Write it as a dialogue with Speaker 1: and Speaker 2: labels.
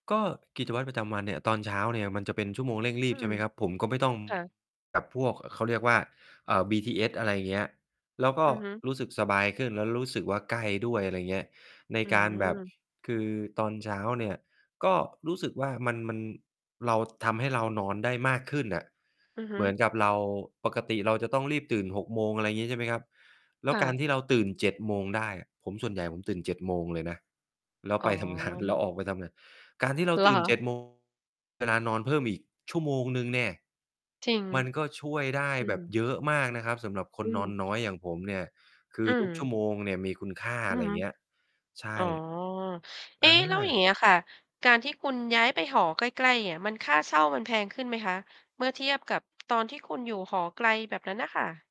Speaker 1: ก็กิจวัตรประจำวันเนี่ย ตอนเช้าเนี่ยมันจะเป็นชั่วโมงเร่งรี
Speaker 2: อื
Speaker 1: บ ใช
Speaker 2: ม
Speaker 1: ่ไหมครับ ผมก็ไม่ ต้อง
Speaker 2: ค่ะ
Speaker 1: แบบพวก เอ่อ เขาเรียกว่า อ่า BTS อะไรเงี้ย แล้วก
Speaker 2: อ
Speaker 1: ็
Speaker 2: ือฮึ
Speaker 1: รู้สึกสบายขึ้น แล้วรู้สึกว่า ใกล้ด้วย อะไรเงี้ย ใน
Speaker 2: อื
Speaker 1: การแบบ
Speaker 2: อ
Speaker 1: คือตอนเช้าเนี่ยก็รู้สึกว่า มัน มัน เรา ทำให้เรานอนได้มากขึ้นน่ะ
Speaker 2: อือฮ
Speaker 1: เ
Speaker 2: ึ
Speaker 1: หมือนกับเรา ปกติเราจะต้องรีบตื่น 6 โมง อะไรงี้ใช่ไหมครับ แล้
Speaker 2: ค
Speaker 1: ว
Speaker 2: ่
Speaker 1: กา
Speaker 2: ะ
Speaker 1: รที่เราตื่น 7 โมงได้อะ ผม ส่วนใหญ่ผมตื่น 7 โมงเลยนะ แล้ว
Speaker 2: อ๋
Speaker 1: ไปทำ งาน แล้ว
Speaker 2: อ
Speaker 1: ออกไปทำงาน การที่เรา
Speaker 2: เหร
Speaker 1: ต
Speaker 2: อ
Speaker 1: ื่
Speaker 2: ค
Speaker 1: น เ
Speaker 2: ะ?
Speaker 1: จ็ด โมง เวลานอนเพิ่มอีกชั่วโมงหนึ่งแหนะ
Speaker 2: จริง
Speaker 1: มันก็ช่วยได้
Speaker 2: อื
Speaker 1: แบบ
Speaker 2: ม
Speaker 1: เยอะมากนะครับ สำหรับค
Speaker 2: อื
Speaker 1: นนอนน้
Speaker 2: ม
Speaker 1: อยอย่างผมเนี่ย คื
Speaker 2: อื
Speaker 1: อ ทุก ชั่ว
Speaker 2: ม
Speaker 1: โมงเนี่ยมีคุณค่า
Speaker 2: อ
Speaker 1: อ
Speaker 2: ื
Speaker 1: ะไ
Speaker 2: อ
Speaker 1: ร
Speaker 2: ฮึ
Speaker 1: เงี้ย ใช
Speaker 2: อ๋อ
Speaker 1: ่
Speaker 2: เอ๊
Speaker 1: อ
Speaker 2: ะ แล้วอย
Speaker 1: า
Speaker 2: ่างเงี้ยค่ะ การที่คุณย้ายไปหอใกล้ ๆ เนี่ยมัน ค่าเช่ามันแพงขึ้นไหมคะ? เมื่อเทียบกับ ตอนที่คุณอยู่หอไกลแบบนั้นน่ะค่ะ?